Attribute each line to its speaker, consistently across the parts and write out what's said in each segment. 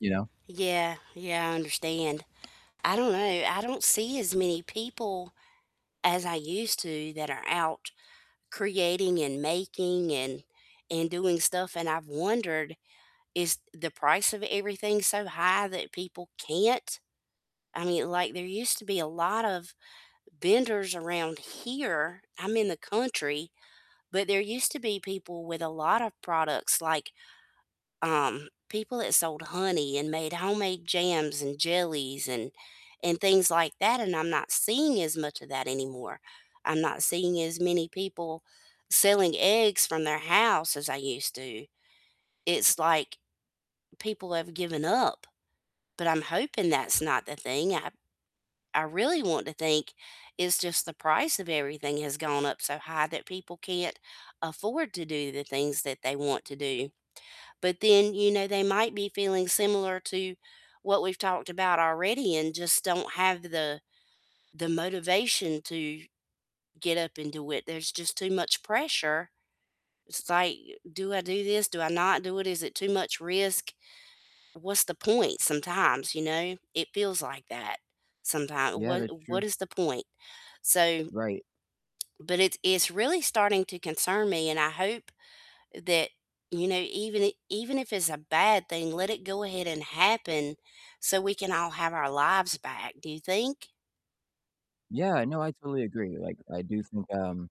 Speaker 1: You know?
Speaker 2: Yeah, yeah, I understand. I don't know, I don't see as many people as I used to that are out creating and making and and doing stuff, and I've wondered, is the price of everything so high that people can't? I mean, like, there used to be a lot of vendors around here. I'm in the country, but there used to be people with a lot of products, like, um, people that sold honey and made homemade jams and jellies and and things like that, and I'm not seeing as much of that anymore. I'm not seeing as many people selling eggs from their house as I used to. It's like people have given up, but I'm hoping that's not the thing, I I really want to think it's just the price of everything has gone up so high that people can't afford to do the things that they want to do. But then, you know, they might be feeling similar to what we've talked about already and just don't have the the motivation to get up and do it. There's just too much pressure. It's like, "Do I do this? Do I not do it? Is it too much risk? What's the point?" Sometimes, you know, it feels like that sometimes.
Speaker 1: Yeah,
Speaker 2: What
Speaker 1: that's
Speaker 2: what
Speaker 1: true.
Speaker 2: is the point? So
Speaker 1: Right.
Speaker 2: but it's it's really starting to concern me, and I hope that, you know, even i even if it's a bad thing, let it go ahead and happen so we can all have our lives back. Do you think?
Speaker 1: Yeah, no, I totally agree. Like, I do think, um,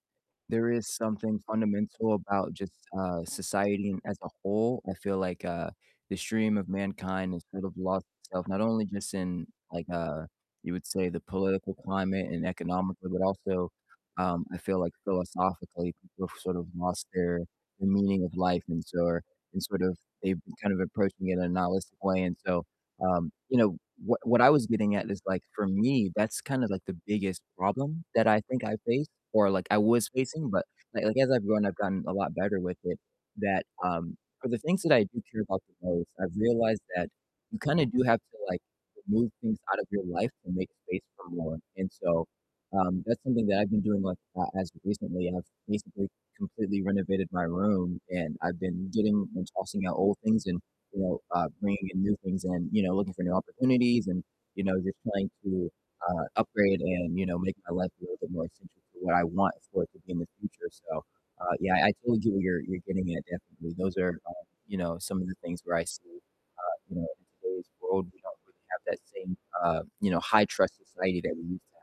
Speaker 1: there is something fundamental about just, uh, society as a whole. I feel like, uh, the stream of mankind has sort of lost itself, not only just in like, uh, you would say the political climate and economically, but also, um, I feel like philosophically people have sort of lost their the meaning of life and so are and sort of they've kind of approached me in a nihilistic way, and so, um, you know, what what I was getting at is like, for me, that's kind of like the biggest problem that I think I've faced or like I was facing, but like like as I've grown, I've gotten a lot better with it, that, um for the things that I do care about the most, I've realized that you kind of do have to, like, remove things out of your life to make space for more, and so um, that's something that I've been doing like, uh, as of recently, and I've basically completely renovated my room, and I've been getting and tossing out old things and, you know, uh, bringing in new things and, you know, looking for new opportunities and, you know, just trying to, uh, upgrade and, you know, make my life a little bit more essential for what I want for it to be in the future, so, uh, yeah, I totally get what you're you're getting at, definitely. Those are, um, you know, some of the things where I see, uh, you know, in today's world, we don't really have that same, uh, you know, high trust society that we used to have.